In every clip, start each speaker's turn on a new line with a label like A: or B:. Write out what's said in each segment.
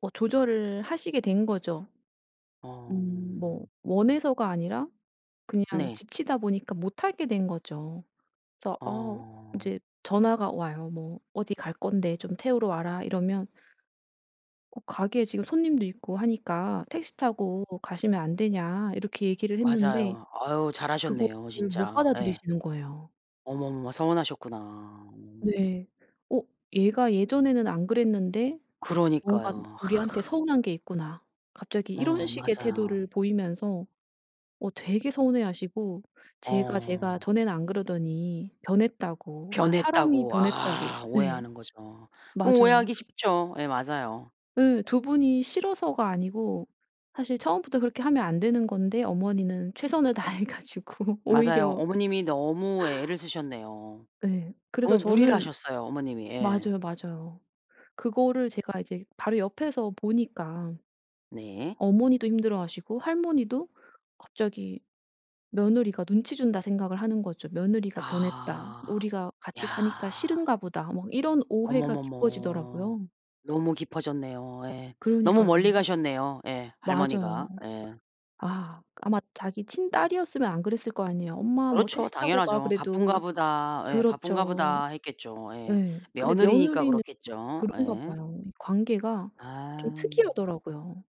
A: 뭐 조절을 하시게 된 거죠. 음
B: 어.
A: 뭐 원해서가 아니라 그냥
B: 네.
A: 지치다 보니까 못 하게 된 거죠. 그래서 어
B: 어.
A: 이제 전화가 와요. 뭐 "어디 갈 건데 좀 태우러 와라." 이러면 "어 가게에 지금 손님도 있고 하니까 택시 타고 가시면 안 되냐." 이렇게 얘기를 했는데
B: 맞아요. 아으 잘하셨네요
A: 그거를 못
B: 진짜. 예.
A: 받아들이시는 거예요.
B: 어머, 어머 서운하셨구나. 어.
A: 네. "어 얘가 예전에는 안 그랬는데 뭔가
B: 그러니까요.
A: 우리한테 서운한 게 있구나." 갑자기 이런
B: 어
A: 식의
B: 맞아.
A: 태도를 보이면서 어 되게 서운해 하시고 "쟤가, 쟤가
B: 어.
A: 전에는 안 그러더니 변했다."고 그러니까 "사람이
B: 변했다고.
A: 변했다."고.
B: 아
A: 예.
B: 오해하는 거죠. 뭐
A: 맞아요.
B: 오해하기 쉽죠. 예 맞아요.
A: 예. 2 분이 싫어서가 아니고 사실 처음부터 그렇게 하면 안 되는 건데 어머니는 최선을 다해 가지고
B: 맞아요.
A: 오히려
B: 어머님이 너무 애를 쓰셨네요.
A: 네. 그래서
B: 너무 무리를
A: 저는
B: 하셨어요 어머님이. 예.
A: 맞아요, 맞아요. 그거를 제가 이제 바로 옆에서 보니까
B: 네.
A: 어머니도 힘들어하시고 할머니도 갑자기 며느리가 눈치 준다 생각을 하는 거죠. "며느리가 변했다.
B: 아.
A: 우리가 같이 사니까
B: 야.
A: 싫은가 보다." 뭐 이런 오해가
B: 어머머머.
A: 깊어지더라고요.
B: 너무 깊어졌네요. 예. 너무
A: 그러니까요.
B: 멀리 가셨네요 예.
A: 맞아요.
B: 할머니가 예.
A: 아. 아마 자기 친딸이었으면 안 그랬을 거 아니에요. "엄마 뭐
B: 그렇죠.
A: 택시 타고 가."
B: 당연하죠. '바쁜가
A: 그래도.
B: 보다.' 예 '바쁜가
A: 그렇죠.
B: 보다.' 했겠죠. 예.
A: 예. 근데
B: 며느리니까
A: 며느리는
B: 그렇겠죠.
A: 그런가
B: 예.
A: 봐요. 이 관계가 좀
B: 아.
A: 특이하더라고요.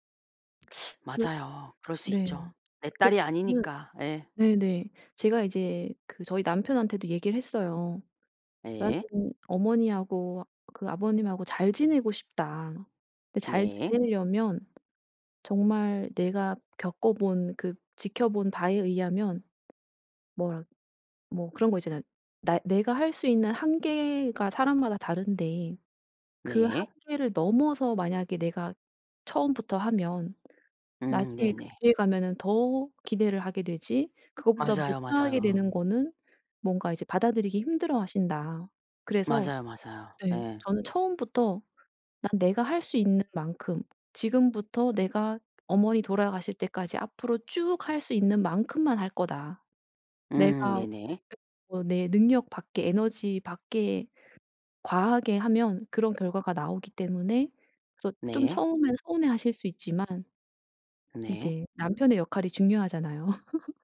A: 그
B: 맞아요. 그럴 수 있죠.
A: 네.
B: 내
A: 그
B: 딸이
A: 저는
B: 아니니까. 예.
A: 네네. 제가 이제 그 저희 남편한테도 얘기를 했어요. "나는
B: 네.
A: 어머니하고 그 아버님하고 잘 지내고 싶다." 근데 잘
B: 네.
A: 지내려면 정말 내가 겪어 본 그 지켜본 바에 의하면 뭐라 뭐 그런 거 있잖아요. 나 내가 할 수 있는 한계가 사람마다 다른데 그
B: 네.
A: 한계를 넘어서 만약에 내가 처음부터 하면
B: 음.
A: 나중에
B: 네네.
A: 그 뒤에 가면은 더 기대를 하게 되지 그거보다
B: 맞아요,
A: 못하게
B: 맞아요.
A: 되는 거는 뭔가 이제 받아들이기 힘들어하신다. 그래서
B: 맞아요, 맞아요.
A: 네
B: 예.
A: 저는 처음부터 "난 내가 할 수 있는 만큼 지금부터 내가 어머니 돌아가실 때까지 앞으로 쭉 할 수 있는 만큼만 할 거다.
B: 음.
A: 내가
B: 네네.
A: 결국은 내 능력 밖에 에너지 밖에 과하게 하면 그런 결과가 나오기 때문에 그래서 좀
B: 네.
A: 처음에는 서운해 하실 수 있지만"
B: 네.
A: 이제 남편의 역할이 중요하잖아요.